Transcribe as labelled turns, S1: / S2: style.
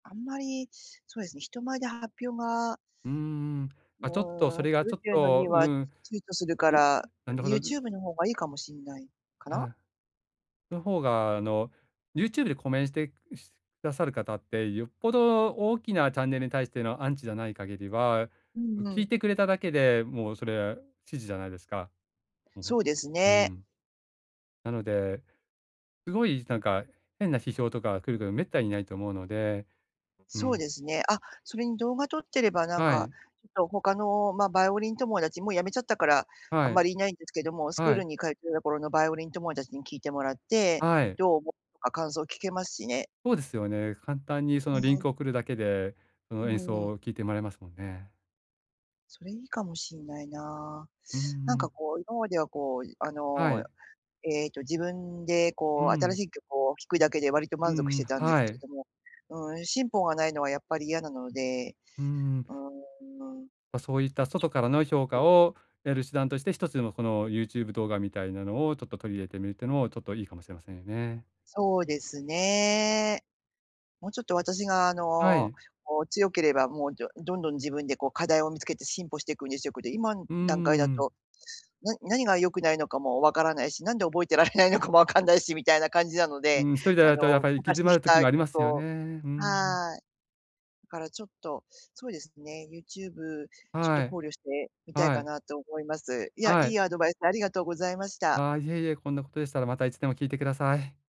S1: あんまり、そうですね、人前で発表が
S2: うーん。
S1: う
S2: あ、ちょっと、そ
S1: ーん、
S2: れ
S1: す
S2: が
S1: る
S2: ちょ
S1: っ
S2: っ
S1: ていうのに
S2: と、う
S1: は躊
S2: ん。
S1: 躇するか
S2: うん、
S1: ら、
S2: なんだほど、ん。
S1: YouTube の方がいいかもしんないかな？
S2: はい。の方が、あの、YouTube でコメントして、しくださる方って、よっぽど大きなチャンネルに対してのアンチじゃない限りは、
S1: う
S2: も、
S1: んう
S2: 聞い
S1: ん。
S2: てくれただけで、もうそれは支持じゃないですか。うん。
S1: そうです
S2: う
S1: ね。
S2: ん。なので、すごいなんか変な批評とか来ること滅多にないと思うので、う
S1: そう
S2: ん。
S1: ですね。あ、それに動画撮ってれば、なん
S2: は
S1: か、
S2: い。
S1: ちょっと他の、ま、バイオリン友達もう辞めちゃったから、あ
S2: は
S1: ん
S2: い。
S1: まり居ないんですけども、スクー
S2: は
S1: ル
S2: い。
S1: に通ってた頃のバイオリン友達に聞いてもらって、
S2: はい。
S1: どう思うとか感想聞けますしね。
S2: ほうですよね。簡単にそ
S1: う
S2: のリン
S1: ーん。
S2: クを送るだけで、そ
S1: う
S2: の演
S1: ー
S2: 奏
S1: ん。
S2: を聞いてもらえますもんね。
S1: それ、いいかもしんないな。
S2: う
S1: なんか、
S2: ん。
S1: こう、今までは、こう、いあ
S2: は
S1: の、
S2: い。
S1: ええと、自分で、
S2: う
S1: こう、新
S2: ん。
S1: しい曲を弾くだけで割と
S2: う
S1: 満足し
S2: んうん、
S1: てたんです
S2: は
S1: けれ
S2: い。
S1: ども、うん、進歩がないのはやっぱり嫌なので、
S2: うーん。
S1: うーん。
S2: ま、そういった外からの評価
S1: [unintelligible]
S2: を得る手段として、一つでもこの YouTube 動画みたいなのを、ちょっと取り入れてみるっていうのも、ちょっといいかもしれませんよね。
S1: そうですね。もうちょっと私が、あ
S2: は
S1: の、
S2: い。
S1: こう、強ければ、もう、どどんどん自分で、こ、課題を見つけて進歩してくんですよ。こやって、今ん
S2: うんう
S1: 段階だ
S2: んうん。
S1: と、な何が良くないのかも分からないし、なんで覚えてられないのかも分かんないし、みたいな感じなので、
S2: うん、1人で
S1: あ
S2: やる
S1: の、
S2: とやっぱり行き詰
S1: 昔
S2: ま
S1: し
S2: る時
S1: た
S2: もありま
S1: 曲
S2: すよね。
S1: を
S2: うーん。
S1: はい。だからちょっと、そうですね、YouTube ちょっと
S2: は
S1: 考
S2: い。
S1: 慮してみたい
S2: は
S1: か
S2: い。
S1: なと思います。いや、
S2: は
S1: い
S2: い。
S1: いアドバイスありがとうございました。
S2: あ、いえいえ、こんなことでしたらまたいつでも聞いてください。